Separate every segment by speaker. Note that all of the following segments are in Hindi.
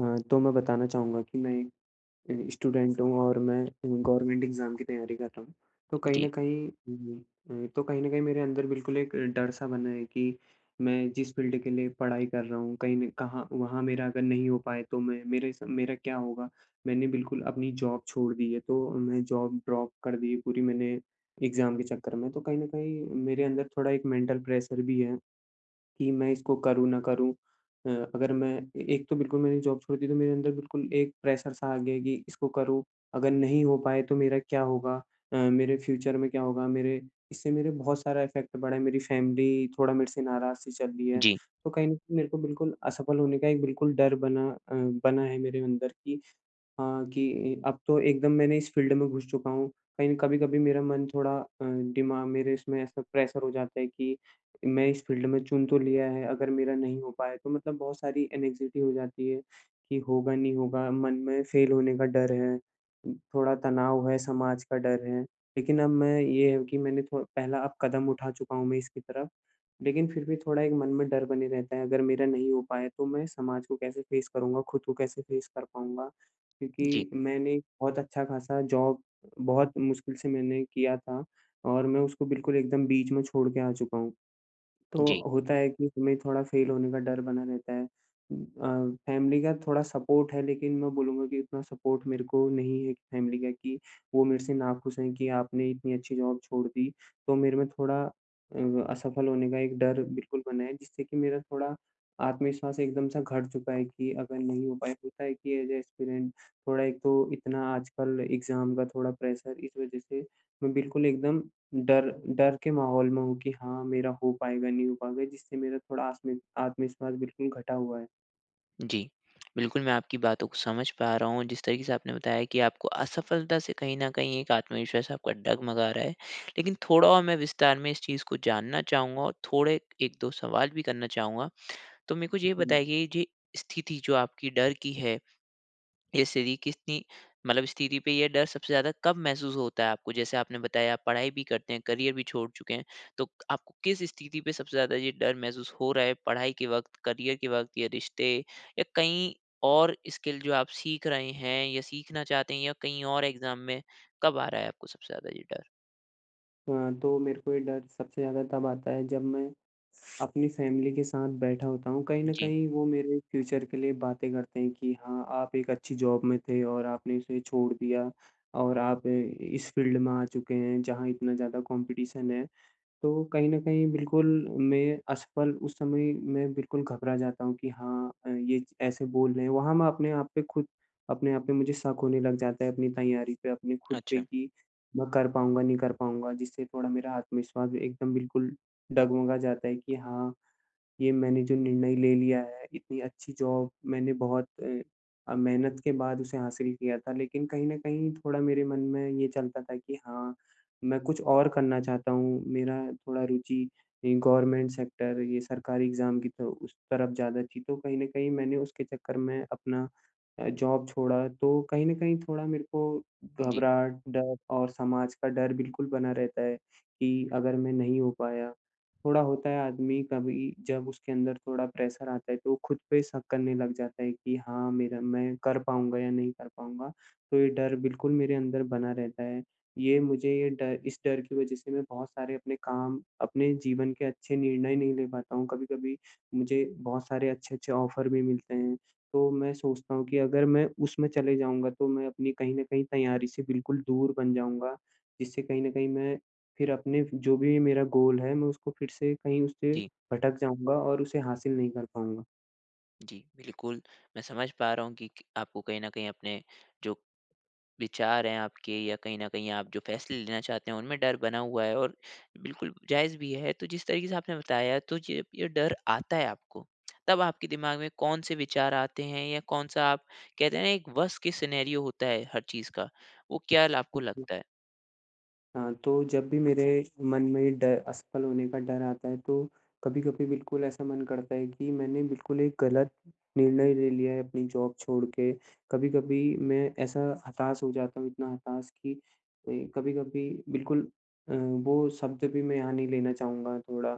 Speaker 1: हाँ, तो मैं बताना चाहूँगा कि मैं एक अ, स्टूडेंट हूँ और मैं अ, गवर्नमेंट एग्ज़ाम की तैयारी कर रहा हूँ। तो कहीं
Speaker 2: जी।
Speaker 1: न कहीं हुँ, हुँ, हुँ, तो कहीं न कहीं मेरे अंदर बिल्कुल एक डर-सा बना है कि मैं जिस फ़ील्ड के लिए पढ़ाई कर रहा हूँ, कहीं ने कहाँ वहाँ मेरा अगर नहीं हो पाए तो मैं मेरे सा मेरा क्या होगा। मैंने बिल्कुल अपनी जॉब छोड़ दी है। तो मैं जॉब ड्रॉप कर दी है पूरी मैंने एग्ज़ाम के चक्कर में। तो कहीं न कहीं मेरे अंदर थोड़ा एक मैंटल प्रेशर भी है, कि मैं इसको करूँ ना करूँ। अ, अगर मैं ए एक तो बिल्कुल मैंने जॉब छोड़ दी तो मेरे अंदर बिल्कुल एक प्रेशर सा आ गया है कि इसको करूँ। अगर नहीं हो पाए तो मेरा क्या होगा? अ, मेरे फ्यूचर में क्या होगा मेरे इससे मेरे बहुत सारा इफ़ेक्ट पड़ा है, मेरी फ़ैमिली थोड़ा मेरे से नाराज़-सी चल रही है।
Speaker 2: जी।
Speaker 1: तो कहीं न कहीं मेरे को बिल्कुल असफल होने का एक बिल्कुल डर बना अ, बना है मेरे अंदर कि हाँ, कि अ, अब तो एकदम मैंने इस फ़ील्ड में घुस चुका हूँ, कहीं कभी-कभी मेरा मन थोड़ा अ, दिमाग मेरे इसमें ऐसा प्रेशर हो जाता है कि मैं इस फ़ील्ड में चुन तो लिया है, अगर मेरा नहीं हो पाए तो मतलब बहुत सारी एंग्ज़ायटी हो जाती है, कि होगा नहीं होगा, मन में फेल होने का डर है। थोड़ा तनाव है, समाज का डर है लेकिन अब मैं ये है कि मैंने थो पहला अब कदम उठा चुका हूँ मैं इसकी तरफ, लेकिन फिर भी थोड़ा एक मन में डर बने रहता है अगर मेरा नहीं हो पाए तो मैं समाज को कैसे फ़ेस करूँगा, खुद को कैसे फ़ेस कर पाऊँगा।
Speaker 2: जी।
Speaker 1: क्योंकि मैंने बहुत अच्छा-ख़ासा जॉब बहुत मुश्किल से मैंने किया था और मैं उसको बिल्कुल एकदम बीच में छोड़ के आ चुका हूँ तो
Speaker 2: जी।
Speaker 1: होता है कि हमें थोड़ा फेल होने का डर बना रहता है। अ, फ़ैमिली का थोड़ा सपोर्ट है लेकिन मैं बोलूँगा कि उतना सपोर्ट मेरे को नहीं है फ़ैमिली का कि वो मेरे से नाखुश हैं कि आपने इतनी अच्छी जॉब छोड़ दी। तो मेरे में थोड़ा अ, असफल होने का एक डर बिल्कुल बना है जिससे कि मेरा थोड़ा आत्मविश्वास एकदम-सा घट चुका है कि अगर नहीं हो पाए होता है कि ऐज़ अ एस्पिरैंट थोड़ा एक तो इतना आजकल एग्ज़ाम का थोड़ा प्रेशर इस वज़ह से मैं बिल्कुल एकदम डर डर के माहौल में हूँ कि हाँ, मेरा हो पाएगा, नहीं हो पाएगा जिससे मेरा थोड़ा आस्म आत्मविश्वास बिल्कुल घटा हुआ है।
Speaker 2: जी। बिल्कुल, मैं आपकी बातों को समझ पा रहा हूँ जिस तरीके से आपने बताया कि आपको असफलता से कहीं न कहीं एक आत्मविश्वास आपका डग-मगा रहा है लेकिन थोड़ा और मैं विस्तार में इस चीज को जानना चाहूँगा और थोड़े 1-2 सवाल भी करना चाहूँगा। तो मेरे को ये
Speaker 1: हुँ।
Speaker 2: बताइए ये स्थिति जो आपकी डर की है। ये स्थिति कितनी मतलब स्थिति पे ये डर सबसे ज़्यादा कब महसूस होता है आपको? जैसे आपने बताया आप पढ़ाई भी करते हैं, करियर भी छोड़ चुके हैं तो क आपको किस स्थिति पे सबसे ज़्यादा ये डर महसूस हो रहा है पढ़ाई के वक़्त, करियर के वक़्त या रिश्ते या कहीं और स्किल जो आप सीख रहे हैं या सीखना चाहते हैं या कहीं और एग्जाम में कब आ रहा है आपको सबसे ज़्यादा ये डर?
Speaker 1: हाँ, तो मेरे को ये डर सबसे ज़्यादा तब आता है जब मैं अपनी फ़ैमिली के साथ बैठा होता हूँ कहीं न
Speaker 2: जी।
Speaker 1: कहीं वो मेरे फ्यूचर के लिए बातें करते हैं कि हाँ, आप एक अच्छी जॉब में थे और आपने उसे छोड़ दिया और आप इ इस फ़ील्ड में आ चुके हैं जहाँ इतना ज़्यादा कॉम्पिटिशन है। तो कहीं न कहीं बिल्कुल मैं असफल उस समय मैं बिल्कुल घबरा जाता हूँ कि हाँ अ, ये ऐसे बोल रहे हैं। वहाँ मैं अपने आप पे खुद अपने आप पे मुझे शक होने लग जाता है अपनी तैयारी पे, अपने खुद पे
Speaker 2: अच्छा।
Speaker 1: कि मैं कर पाऊँगा, नहीं कर पाऊँगा जिससे थोड़ा मेरा आत्मविश्वास भी एकदम बिल्कुल डग-मगा जाता है। कि हाँ, ये मैंने जो निर्णय ले लिया है इतनी अच्छी जॉब मैंने बहुत अ अ, मेहनत के बाद उसे हासिल किया था लेकिन कहीं न कहीं थोड़ा मेरे मन में ये चलता था कि हाँ, मैं कुछ और करना चाहता हूँ, मेरा थोड़ा रुचि ये गवर्नमेंट सेक्टर ये सरकारी एग्ज़ाम की तो उस तरफ़ ज़्यादा थी। तो कहीं न कहीं मैंने उसके चक्कर में अपना अ, जॉब छोड़ा तो कहीं न कहीं थोड़ा मेरे को
Speaker 2: जी।
Speaker 1: घबराहट, डर और समाज का डर बिल्कुल बना रहता है कि अगर मैं नहीं हो पाया। थोड़ा होता है आदमी कभी जब उसके अंदर थोड़ा प्रेशर आता है तो वो खुद पे शक करने लग जाता है कि हाँ, मेरा मैं कर पाऊँगा या नहीं कर पाऊँगा। तो ये डर बिल्कुल मेरे अंदर बना रहता है। ये मुझे ये डर इस डर की वज़ह से मैं बहुत सारे अपने काम अपने जीवन के अच्छे निर्णय नहीं ले पाता हूँ। कभी-कभी मुझे बहुत सारे अच्छे-अच्छे ऑफ़र भी मिलते हैं। तो मैं सोचता हूँ कि अगर मैं उसमे चले जाऊँगा तो मैं अपनी कहीं न कहीं तैयारी से बिल्कुल दूर बन जाऊँगा। जिससे कहीं न कहीं मैं फिर अपने जो भी मेरा गोल है मैं उसको फिर से कहीं उससे
Speaker 2: जी।
Speaker 1: भटक जाऊँगा और उसे हासिल नहीं कर पाऊँगा।
Speaker 2: जी, बिल्कुल। मैं समझ पा रहा हूँ कि क आपको कहीं न कहीं अपने जो विचार हैं आपके या कहीं न कहीं आप जो फ़ैसले लेना चाहते हैं उनमें डर बना हुआ है और बिल्कुल जायज़ भी है। तो जिस तरीके से आपने बताया तो जब ये डर आता है आपको, तब आपके दिमाग़ में कौन-से विचार आते हैं? या कौन-सा आप कहते हैं ना एक वर्स्ट केस सिनेरियो होता है हर चीज़ का, वो क्या ल आपको
Speaker 1: [unintelligible]
Speaker 2: लगता है?
Speaker 1: हाँ, तो जब भी मेरे मन में ड असफल होने का डर आता है तो कभी-कभी बिल्कुल ऐसा मन करता है कि मैंने बिल्कुल एक गलत निर्णय ले लिया है अपनी जॉब छोड़ के। कभी-कभी मैं ऐसा हताश हो जाता हूँ इतना हताश कि ए, कभी-कभी बिल्कुल अ, वो शब्द भी मैं यहाँ नहीं लेना चाहूँगा थोड़ा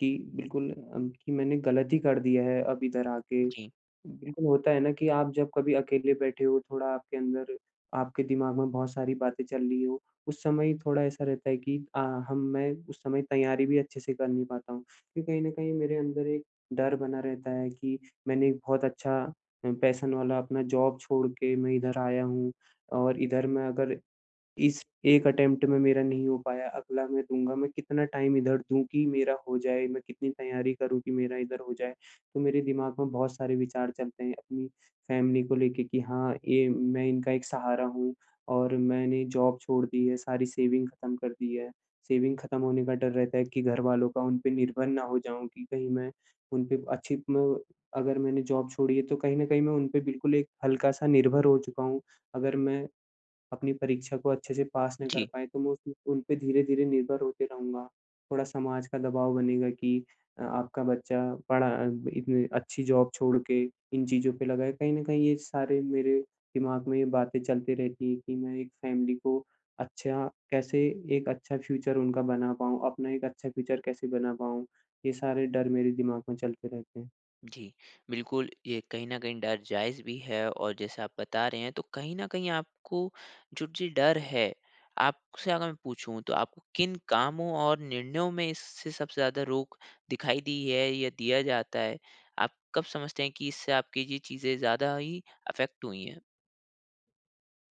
Speaker 1: कि बिल्कुल अम, कि मैंने गलत ही कर दिया है अब इधर आके।
Speaker 2: जी।
Speaker 1: बिल्कुल होता है ना कि आप जब कभी अकेले बैठे हो, थोड़ा आपके अंदर आपके दिमाग़ में बहुत सारी बातें चल रही हो, उस समय थोड़ा ऐसा रहता है कि अ, हम मैं उस समय तैयारी भी अच्छे से कर नहीं पाता हूँ। कि कहीं न कहीं मेरे अंदर एक डर बना रहता है कि मैंने एक बहुत अच्छा अ, पैशन वाला अपना जॉब छोड़ के मैं इधर आया हूँ। और इधर मैं अगर, इस 1 अटेम्प्ट में मेरा नहीं हो पाया, अगला मैं दूँगा, मैं कितना टाइम इधर दूँ कि मेरा हो जाए। मैं कितनी तैयारी करूँ कि मेरा इधर हो जाए। तो मेरे दिमाग़ में बहुत सारे विचार चलते हैं अपनी फ़ैमिली को लेके। कि हाँ, ये मैं इनका एक सहारा हूँ और मैंने जॉब छोड़ दी है, सारी सेविंग ख़त्म कर दी है। सेविंग ख़त्म होने का डर रहता है कि घरवालों का उन पे निर्भर ना हो जाऊँ कि कहीं मैं उन पे अच्छी क्लो अगर मैंने जॉब छोड़ी है तो कहीं न कहीं मैं उन पे बिल्कुल एक हल्का-सा निर्भर हो चुका हूँ। अगर मैं अपनी परीक्षा को अच्छे से पास ना कर
Speaker 2: जी
Speaker 1: पाया तो मैं उस उनपे धीरे-धीरे निर्भर होते रहूँगा। थोड़ा समाज का दबाव बनेगा कि अ, आपका बच्चा पढ़ा अ, इतनी अच्छी जॉब छोड़ के इन चीज़ों पे लगा है। कहीं न कहीं ये सारे मेरे दिमाग़ में ये बातें चलती रहती है कि मैं एक फ़ैमिली को अच्छा कैसे एक अच्छा फ्यूचर उनका बना पाऊँ, अपना एक अच्छा फ्यूचर कैसे बना पाऊँ। ये सारे डर मेरे दिमाग़ में चलते रहते हैं।
Speaker 2: जी। बिल्कुल, ये कहीं न कहीं डर जायज़ भी है। और जैसे आप बता रहे हैं तो कहीं न कहीं आपको जो जी डर है आपसे अगर मैं पूछूँ तो आपको किन कामों और निर्णयों में इससे सबसे ज़्यादा रोक दिखाई दी है या दिया जाता है? आप कब समझते हैं कि इससे आपकी ये चीज़ें ज़्यादा ही अफेक्ट हुई हैं?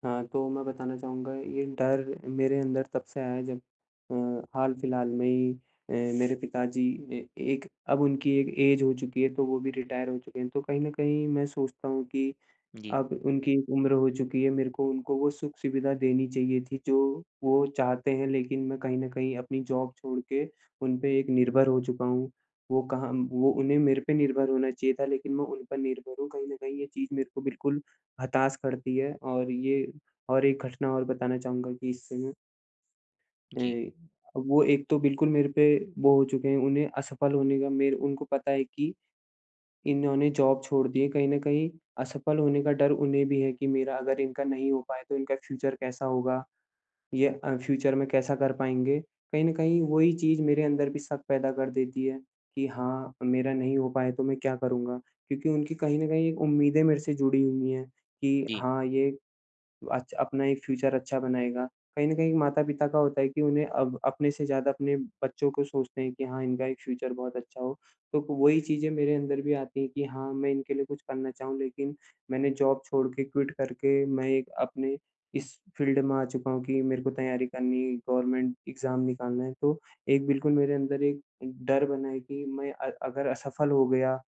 Speaker 1: हाँ, तो मैं बताना चाहूँगा ये डर मेरे अंदर तब से आया है जब अ, हाल फिलहाल में ही ए मेरे पिताजी ए एक अब उनकी एक ऐज हो चुकी है तो वो भी रिटायर हो चुके हैं। तो कहीं न कहीं मैं सोचता हूँ की,
Speaker 2: जी।
Speaker 1: अब उनकी उम्र हो चुकी है, मेरे को उनको वो सुख-सुविधा देनी चाहिए थी जो वो चाहते हैं। लेकिन मैं कहीं न कहीं अपनी जॉब छोड़ के उन पे एक निर्भर हो चुका हूँ। वो कहाँ म वो उन्हें मेरे पे निर्भर होना चाहिए था लेकिन मैं उन पर निर्भर हूँ। कहीं न कहीं ये चीज़ मेरे को बिल्कुल हताश करती है। और ये और एक घटना और बताना चाहूँगा कि इस समय
Speaker 2: जी।
Speaker 1: ए वो एक तो बिल्कुल मेरे पे वो हो चुके हैं। उन्हें असफल होने का मेरे उनको पता है कि इन्होंने जॉब छोड़ दी है कहीं न कहीं असफल होने का डर उन्हें भी है। कि मेरा अगर इनका नहीं हो पाए तो इनका फ्यूचर कैसा होगा? ये अ, फ्यूचर में कैसा कर पाएँगे? कहीं न कहीं वही चीज़ मेरे अंदर भी शक पैदा कर देती है कि हाँ, मेरा नहीं हो पाए तो मैं क्या करूँगा। क्योंकि उनकी कहीं न कहीं उम्मीदें मेरे से जुड़ी हुई हैं कि
Speaker 2: जी।
Speaker 1: हाँ, ये अच अपना एक फ्यूचर अच्छा बनाएगा। कहीं न कहीं माता-पिता का होता है कि उन्हें अब अपने से ज़्यादा अपने बच्चों को सोचते हैं कि हाँ, इनका एक फ्यूचर बहुत अच्छा हो। तो क वही चीज़ें मेरे अंदर भी आती है कि हाँ, मैं इनके लिए कुछ करना चाहूँ। लेकिन मैंने जॉब छोड़ के, क्विट करके मैं एक अपने इस फ़ील्ड में आ चुका हूँ कि मेरे को तैयारी करनी है गवर्नमेंट एग्जाम निकालना है तो एक बिल्कुल मेरे अंदर एक डर बना है। कि मैं अ, अगर असफल हो गया,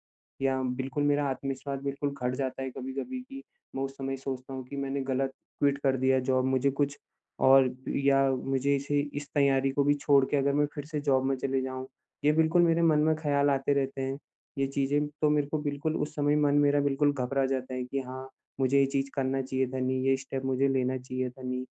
Speaker 1: या बिल्कुल मेरा आत्मविश्वास बिल्कुल घट जाता है कभी-कभी कि मैं उस समय सोचता हूँ कि मैंने गलत क्विट कर दिया जॉब मुझे कुछ और या मुझे इसे इस तैयारी को भी छोड़ के अगर मैं फिर से जॉब में चले जाऊँ। ये बिल्कुल मेरे मन में ख्याल आते रहते हैं ये चीज़ें। तो मेरे को बिल्कुल उस समय मन मेरा बिल्कुल घबरा जाता है कि हाँ, मुझे ये चीज़ करना चाहिए था नहीं, ये स्टेप मुझे लेना चाहिए था नही।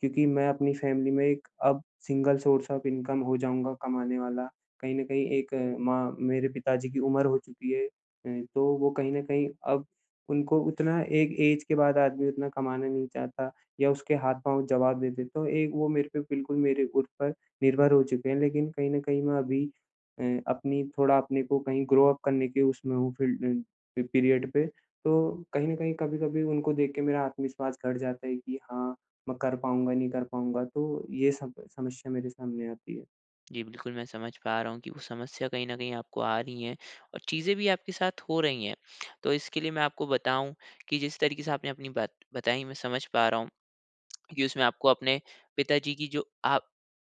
Speaker 1: क्यूँकि मैं अपनी फैमिली में एक अब सिंगल सोर्स ऑफ इनकम हो जाऊँगा कमाने वाला। कहीं न कहीं एक माँ मेरे पिताजी की उम्र हो चुकी है। अ, तो वो कहीं न कहीं अब उनको उतना एक ऐज के बाद आदमी उतना कमाना नहीं चाहता या उसके हाथ-पाँव जवाब दे देते तो एक वो मेरे पे बिल्कुल, मेरे ऊपर निर्भर हो चुके हैं। लेकिन कहीं न कहीं मैं अभी अ, अपनी थोड़ा अपने को कहीं ग्रो अप करने के उसमें हूँ फ़ील्ड अ, पी पीरियड पे। तो कहीं न कहीं, कभी-कभी उनको देख के मेरा आत्मविश्वास घट जाता है की हाँ, मैं कर पाउँगा, नहीं कर पाउँगा। तो ये सब समस्या मेरे सामने आती है।
Speaker 2: जी, बिल्कुल, मैं समझ पा रहा हूँ कि वो समस्या कहीं न कहीं आपको आ रही है और चीज़ें भी आपके साथ हो रही हैं। तो इसके लिए मैं आपको बताऊँ कि जिस तरीके से आपने अपनी बात बताई, मैं समझ पा रहा हूँ कि उसमें आपको अपने पिताजी की जो आप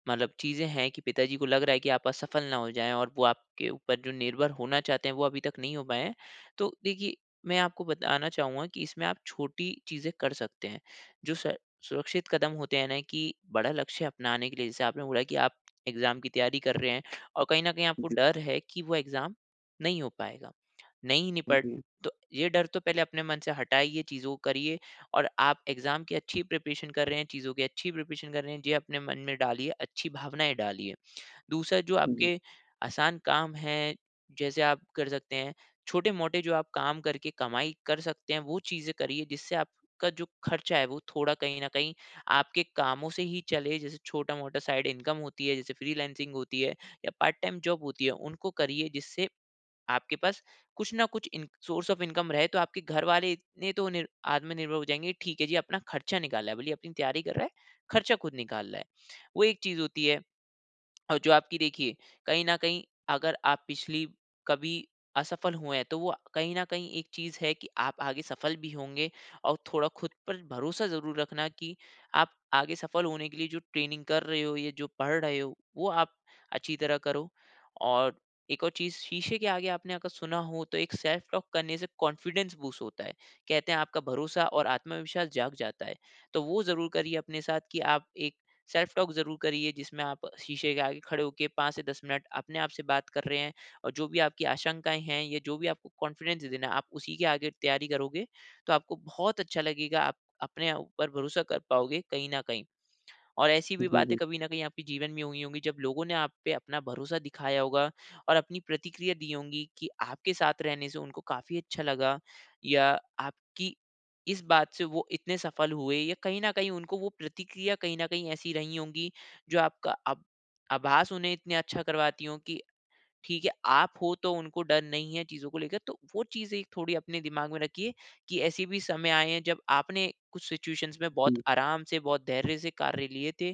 Speaker 2: मतलब चीज़ें हैं कि पिताजी को लग रहा है कि आप असफल ना हो जाएँ और वो आपके ऊपर जो निर्भर होना चाहते हैं, वो अभी तक नहीं हो पाए हैं। तो देखिए, मैं आपको बताना चाहूँगा कि इसमें आप छोटी चीज़ें कर सकते हैं जो स सुरक्षित कदम होते हैं ना कि बड़ा लक्ष्य अपनाने के लिए, जैसे आपने बोला कि आप एग्ज़ाम की तैयारी कर रहे हैं। और कहीं न कहीं आपको
Speaker 1: जी।
Speaker 2: डर है कि वो एग्ज़ाम नहीं हो पाएगा, नहीं
Speaker 1: हाँ
Speaker 2: निपट
Speaker 1: जी।
Speaker 2: तो ये डर तो पहले अपने मन से हटाइए, चीज़ों को करिए। और आप एग्ज़ाम की अच्छी प्रिपरेशन कर रहे हैं, चीज़ों की अच्छी प्रिपरेशन कर रहे हैं, ये अपने मन में डालिए, अच्छी भावनाएँ डालिए। दूसरा जो
Speaker 1: जी।
Speaker 2: आपके आसान काम है, जैसे आप कर सकते हैं, छोटे-मोटे जो आप काम करके कमाई कर सकते हैं, वो चीज़ें करिए, जिससे आपका जो ख़र्चा है वो थोड़ा कहीं न कहीं आपके कामों से ही चले। जैसे छोटा-मोटा साइड इनकम होती है, जैसे फ्रीलांसिंग होती है या पार्ट टाइम जॉब होती है, उनको करिए, जिससे आपके पास कुछ न कुछ इन सोर्स ऑफ़ इनकम रहे। तो आपके घर वाले इतने तो नि आत्मनिर्भर हो जाएँगे, ठीक है जी, अपना ख़र्चा निकाल रहा है, भले ही अपनी तैयारी कर रहा है, ख़र्चा ख़ुद निकाल रहा है, वो एक चीज़ होती है। और जो आपकी देखिए कहीं न कहीं अगर आप पिछली कभी असफल हुए हैं, तो वो आ कहीं न कहीं एक चीज़ है कि आप आगे सफल भी होंगे और थोड़ा ख़ुद पर भरोसा ज़रूर रखना कि आप आगे सफल होने के लिए जो ट्रेनिंग कर रहे हो या जो पढ़ रहे हो, वो आप अच्छी तरह करो। और एक और चीज़ शीशे के आगे आपने अगर सुना हो तो एक सेल्फ टॉक करने से कॉन्फिडेंस बूस्ट होता है, कहते हैं आपका भरोसा और आत्मविश्वास जाग जाता है। तो वो ज़रूर करिए अपने साथ कि आप एक सेल्फ टॉक ज़रूर करिए, जिसमें आप शीशे के आगे खड़े हो के 5 से 10 मिनट अपने आप से बात कर रहे हैं। और जो भी आपकी आशंकाएँ हैं या जो भी आपको कॉन्फिडेंस देना है, आप उसी के आगे तैयारी करोगे, तो आपको बहुत अच्छा लगेगा, आप अपने ऊपर भरोसा कर पाओगे कहीं न कहीं। और ऐसी भी
Speaker 1: जी,
Speaker 2: बातें
Speaker 1: जी।
Speaker 2: कभी न कहीं आपके जीवन में हुई होंगी जब लोगों ने आप पे अपना भरोसा दिखाया होगा और अपनी प्रतिक्रिया दी होगी कि आपके साथ रहने से उनको काफ़ी अच्छा लगा। या आपकी इस बात से वो इतने सफल हुए या कहीं न कहीं उनको वो प्रतिक्रिया कहीं न कहीं ऐसी रही होगी, जो आपका अब आभास उन्हें इतना अच्छा करवाती हो कि ठीक है, आप हो तो उनको डर नहीं है चीज़ों को लेकर। तो वो चीज़ें थोड़ी अपने दिमाग में रखिए कि ऐसे भी समय आए हैं जब आपने कुछ सिचुएशंस में बहुत
Speaker 1: जी।
Speaker 2: आराम से, बहुत धैर्य से कार्य लिए थे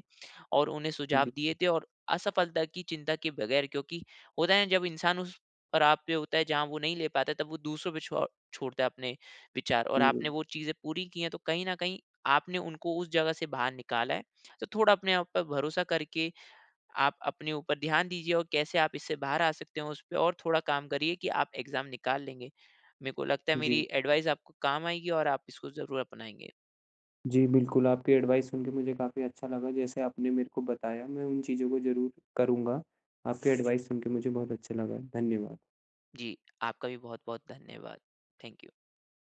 Speaker 2: और उन्हें सुझाव
Speaker 1: जी।
Speaker 2: दिए थे और असफलता की चिंता किए बगैर। क्योंकि होता है जब इंसान उस पड़ाव पे होता है जहाँ वो नहीं ले पाता है तब वो दूसरों पे छ छोड़ता है अपने विचार और
Speaker 1: जी,
Speaker 2: आपने
Speaker 1: बिल्क
Speaker 2: वो चीज़ें पूरी की हैं। तो कहीं न कहीं आपने उनको उस जगह से बाहर निकाला है। तो थोड़ा अपने आप पे भरोसा करके, आप अपने ऊपर ध्यान दीजिए और कैसे आप इससे बाहर आ सकते हो, उस पे और थोड़ा काम करिए कि आप एग्ज़ाम निकाल लेंगे। मेरे को लगता है
Speaker 1: जी।
Speaker 2: मेरी एडवाइज़ आपको काम आएगी और आप इसको ज़रूर अपनाएँगे।
Speaker 1: जी, बिल्कुल आपकी एडवाइज़ सुन के मुझे काफ़ी अच्छा लगा, जैसे आपने मेरे को बताया मैं उन चीज़ों को ज़रूर करूँगा। आपकी एडवाइज़ सुन के मुझे बहुत अच्छा लगा। धन्यवाद।
Speaker 2: जी, आपका भी बहुत-बहुत धन्यवाद। Thank you